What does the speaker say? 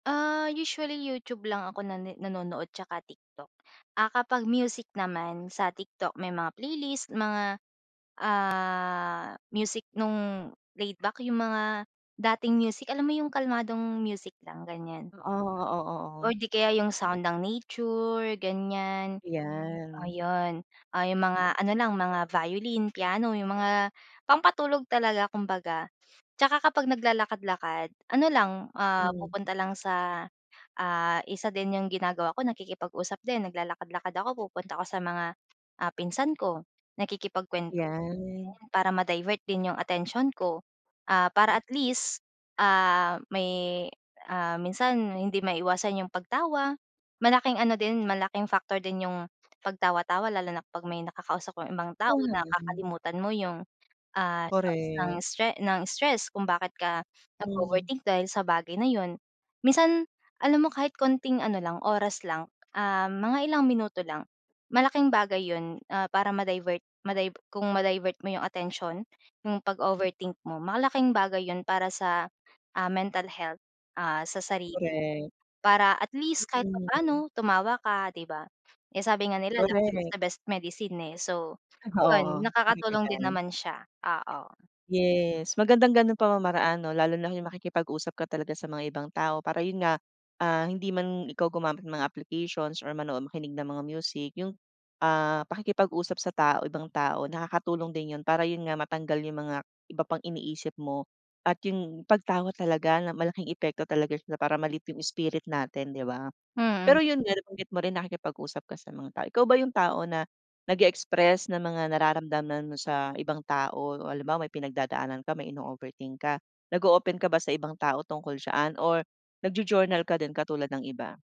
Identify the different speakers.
Speaker 1: Ah, usually YouTube lang ako nan nanonood 'tsaka TikTok. Ah, kapag music naman sa TikTok, may mga playlist mga, ah, music nung laid-back, yung mga dating music. Alam mo yung kalmadong music lang, ganyan.
Speaker 2: Oo, oo, oo.
Speaker 1: Or di kaya yung sound ng nature, ganyan,
Speaker 2: 'Yan.
Speaker 1: ayun. Ah, yung
Speaker 2: Mm.
Speaker 1: mga ano lang, mga violin, piano yung mga pampatulog talaga kumbaga. 'Tsaka kapag naglalakad-lakad ano lang, ah,
Speaker 2: Mm.
Speaker 1: pupunta lang sa, ah, isa din yung ginagawa ko, nakikipag-usap din, naglalakad-lakad ako, pupunta ako sa mga, ah, pinsan ko. Nakikipagkwento
Speaker 2: 'Yan.
Speaker 1: [unintelligible] para ma-divert din yung atensiyon ko, ah, para at least, ah, may, ah, minsan hindi maiwasan yung pagtawa. Malaking ano din, malaking factor din yung pagtawa-tawa lalo na kapag may nakakausap kang ibang tao,
Speaker 2: Oo, naman.
Speaker 1: nakakalimutan mo yung, ah, isang
Speaker 2: Correct.
Speaker 1: stre ng stress kung bakit ka
Speaker 2: Hmm.
Speaker 1: nag-o-overthink dahil sa bagay na 'yon. Minsan alam mo, kahit konting ano lang, oras lang, ah, mga ilang minuto lang, malaking bagay 'yon, ah, para ma-divert, ma-dive kung ma-divert mo yung atensiyon yung pag-overthink mo. Malaking bagay 'yon para sa, ah, mental health, ah, sa sarili.
Speaker 2: Correct.
Speaker 1: Para at least kahit
Speaker 2: Mm.
Speaker 1: papaano tumawa ka, di ba? Eh, sabi nga nila, "Laughter is
Speaker 2: Correct.
Speaker 1: the best medicine," eh. So yun,
Speaker 2: Oo, correct ka
Speaker 1: nakakatulong din
Speaker 2: diyan.
Speaker 1: naman siya. Oo.
Speaker 2: Yes, magandang gano'ng pamamaraan 'no, lalo na yung makikipag-usap ka talaga sa mga ibang tao para yun nga, ah, hindi man ikaw gumamit ng mga applications or manood, makinig ng mga music, yung, ah, pakikipag usap sa tao, ibang tao, nakakatulong din 'yon, para yun nga matanggal yung mga iba pang iniisip mo. At yung pagtawa talaga, malaking epekto talaga sila para ma-lift yung spirit natin, di ba? Pero
Speaker 1: Mm.
Speaker 2: yun nga, nabanggit mo rin, nakikipag-usap ka sa mga tao. Ikaw ba yung tao na nagi-express ng mga nararamdaman mo sa ibang tao o halimbawa, may pinagdadaanan ka, may ino-overthink ka, nag-o-open ka ba sa ibang tao tungkol diyan or nag-jo-journal ka din katulad ng iba?